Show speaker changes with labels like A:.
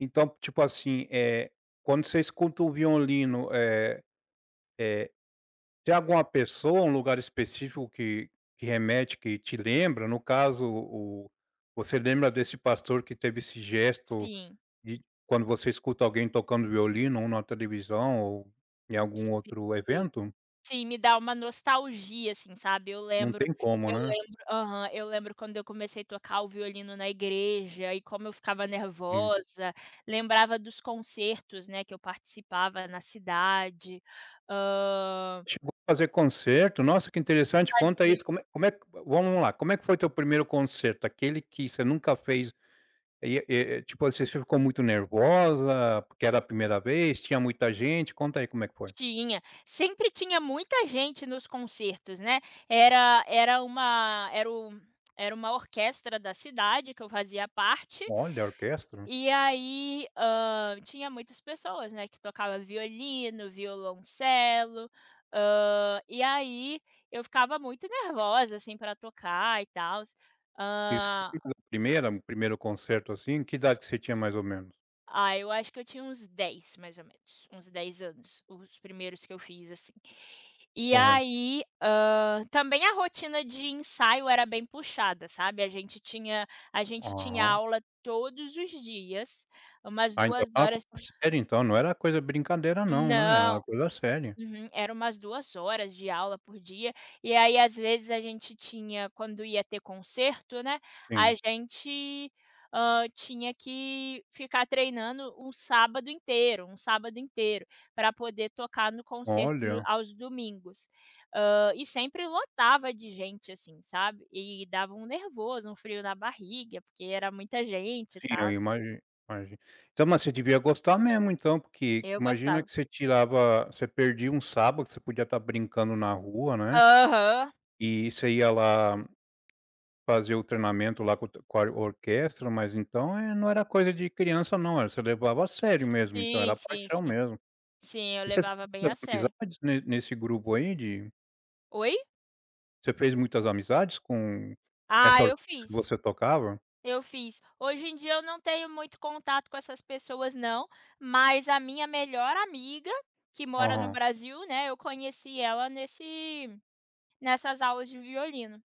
A: Então, tipo assim, eh, quando você escuta o violino, eh eh, tem alguma pessoa, um lugar específico que que remete que te lembra? No caso, o você lembra desse pastor que teve esse gesto
B: Sim.
A: de quando você escuta alguém tocando violino ou na televisão ou em algum outro
B: Sim,
A: evento?
B: sim, me dá uma nostalgia, assim, sabe. Eu
A: Não
B: lembro
A: tem como,
B: eu
A: né.
B: lembro aham, eu lembro quando eu comecei tocar o violino na igreja e como eu ficava
A: In
B: nervosa, lembrava dos concertos, né, que eu participava na cidade. Hã
A: Tipo, fazer concerto? Nossa que interessante, conta
B: Fazia.
A: isso, como é como é, vamos lá, como é que foi teu primeiro concerto? Aquele que você nunca fez, e e tipo, assim, você ficou muito nervosa, porque era a primeira vez, tinha muita gente, conta aí como é que foi.
B: Tinha, sempre tinha muita gente nos concertos, né. Era era uma era o era uma orquestra da cidade que eu fazia parte,
A: Olha, orquestra.
B: e aí, hã, tinha muitas pessoas, né, que tocava violino, violoncelo, hã, e aí eu ficava muito nervosa, assim, pra tocar e tals.
A: Isso
B: Hã
A: [unintelligible] primeira o primeiro conserto, assim, que idade que você tinha mais ou menos?
B: Ah, eu acho que eu tinha uns 10 mais ou menos, uns 10 anos, os primeiros que eu fiz, assim. E
A: [unintelligible]
B: aí, hã, também a rotina de ensaio era bem puxada, sabe, a gente tinha a gente tinha
A: Aham.
B: aula todos os dias, umas
A: Ah, então
B: 2 horas
A: [unintelligible] séria então, não era coisa brincadeira não, né, era uma
B: Não.
A: coisa séria.
B: Uhum, era umas 2 horas de aula por dia, e aí às vezes a gente tinha quando ia ter conserto, né, a
A: Sim.
B: gente, hã, tinha que ficar treinando um sábado inteiro um sábado inteiro, pra poder tocar no concerto no
A: Olha.
B: aos domingos. Hã, e sempre lotava de gente, assim, sabe. E dava um nervoso, um frio na barriga porque era muita gente e
A: Sim, eu
B: tals.
A: imagi imagi então, mas você devia gostar mesmo então, porque
B: Eu
A: imagina
B: gostava.
A: que você tirava você perdia um sábado, que você podia estar brincando na rua, né,
B: Aham.
A: e você ia lá, fazer o treinamento lá com o te com a orquestra. Mas então, eh, não era coisa de criança não, era você levava a sério mesmo, então
B: Sim,
A: era
B: sim,
A: paixão
B: sim.
A: mesmo.
B: Sim, eu
A: E [unintelligible]
B: levava bem a sério.
A: né, nesse grupo aí de
B: Oi?
A: Você fez muitas amizades com
B: Ah,
A: essa
B: eu
A: que
B: fiz.
A: você tocava?
B: Eu fiz. Hoje em dia eu não tenho muito contato com essas pessoas não, mas a minha melhor amiga que mora no
A: Aham.
B: Brasil, né, eu conheci ela nesse nessas aulas de violino.